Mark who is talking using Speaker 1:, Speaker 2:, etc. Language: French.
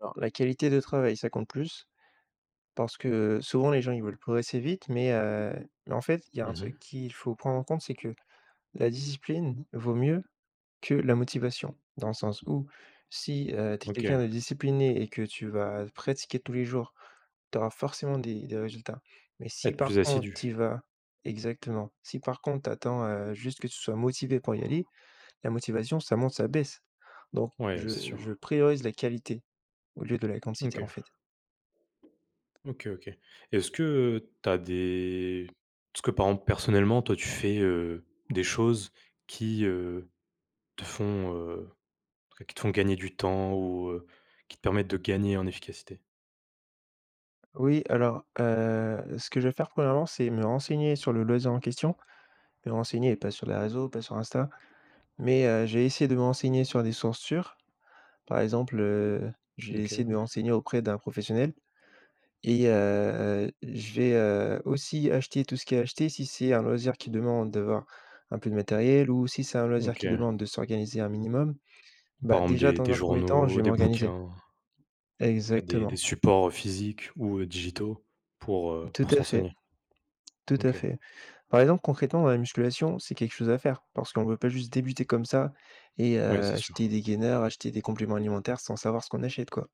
Speaker 1: Alors, la qualité de travail, ça compte plus, parce que souvent les gens, ils veulent progresser vite, mais, heu, en fait, il y a un
Speaker 2: Mmh mh.
Speaker 1: truc qu'il faut prendre en compte, c'est que la discipline vaut mieux que la motivation. Dans le sens où, si tu es
Speaker 2: OK.
Speaker 1: quelqu'un de discipliné et que tu vas pratiquer tous les jours, tu auras forcément des des résultats. Mais si,
Speaker 2: Être plus
Speaker 1: par contre, tu y
Speaker 2: assidu.
Speaker 1: vas exactement, si, par contre, tu attends juste que tu sois motivé pour y aller, la motivation ça monte, ça baisse. Donc,
Speaker 2: Ouais, c'est
Speaker 1: je je
Speaker 2: sûr.
Speaker 1: priorise la qualité, au lieu de la
Speaker 2: OK.
Speaker 1: quantité, en fait.
Speaker 2: OK, OK. Est-ce que, heu, tu as des est-ce que, par exemple, personnellement, toi, tu fais, heu, des choses qui, heu, te font, heu, après, qui te font gagner du temps ou, heu, qui te permettent de gagner en efficacité?
Speaker 1: Oui, alors, heu, ce que je vais faire, 1°, c'est me renseigner sur le loisir en question, me renseigner pas sur les réseaux, pas sur Insta, mais, heu, je vais essayer de me renseigner sur des sources sûres. Par exemple, heu, je vais essayer de
Speaker 2: OK.
Speaker 1: me renseigner auprès d'un professionnel et, heu, je vais, heu, aussi acheter tout ce qui est à acheter si c'est un loisir qui demande d'avoir un peu de matériel ou si c'est un loisir
Speaker 2: OK.
Speaker 1: qui demande de s'organiser un minimum,
Speaker 2: Par
Speaker 1: bah,
Speaker 2: exemple,
Speaker 1: déjà
Speaker 2: des
Speaker 1: dans
Speaker 2: des
Speaker 1: un 1er temps, je
Speaker 2: journaux,
Speaker 1: vais
Speaker 2: des bouquins.
Speaker 1: m'organiser.
Speaker 2: En tout cas, des des
Speaker 1: Exactement.
Speaker 2: supports, heu, physiques ou, heu, digitaux pour, heu,
Speaker 1: Tout
Speaker 2: pour se
Speaker 1: à fait.
Speaker 2: renseigner.
Speaker 1: Tout à
Speaker 2: OK.
Speaker 1: fait. Par exemple, concrètement, dans la musculation, c'est quelque chose à faire, parce qu'on peut pas juste débuter comme ça et, heu,
Speaker 2: Ouais c'est
Speaker 1: acheter
Speaker 2: sûr.
Speaker 1: des gainers, acheter des compléments alimentaires, sans savoir ce qu'on achète, quoi.